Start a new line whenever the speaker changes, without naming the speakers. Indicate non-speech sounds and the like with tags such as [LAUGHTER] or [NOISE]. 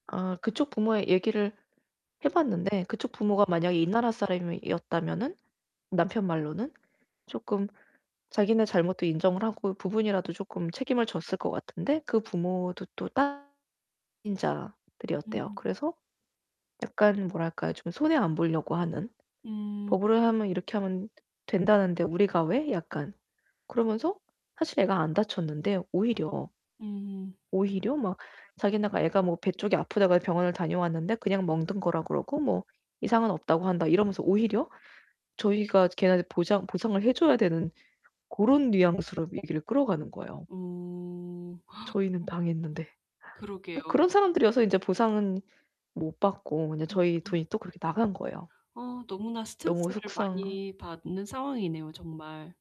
아 그쪽 부모에 얘기를 해 봤는데 그쪽 부모가 만약에 이 나라 사람이었다면은 남편 말로는 쪼끔 자기네 잘못도 인정을 하고 부분이라도 쪼끔 책임을 졌을 것 같은데 그 부모도 또 다 이민자들이었대요.
[UNINTELLIGIBLE]
그래서 약간 뭐랄까요? 좀 손해 안 보려고 하는
음.
"법으로 하면 이렇게 하면 된다는데 우리가 왜?" 약간 그러면서 사실 애가 안 다쳤는데 오히려
음.
오히려 막 자기네가 "애가 뭐 배 쪽이 아프다고 해 병원을 다녀왔는데 그냥 멍든 거라 그러고 뭐 이상은 없다고 한다." 이러면서 오히려 저희가 걔네한테 보장 보상을 해 줘야 되는 고런 뉘앙스로 얘기를 끌어가는 거예요.
어. [GASPS] 어.
저희는 당했는데.
[UNINTELLIGIBLE]
뭐
그러게요.
그런 사람들이어서 인제 보상은 못 받고 그냥
예.
저희
어.
돈이 또 그렇게 나간 거예요.
어 너무나
너무
스트레스를
속상
많이 받는 상황이네요 정말.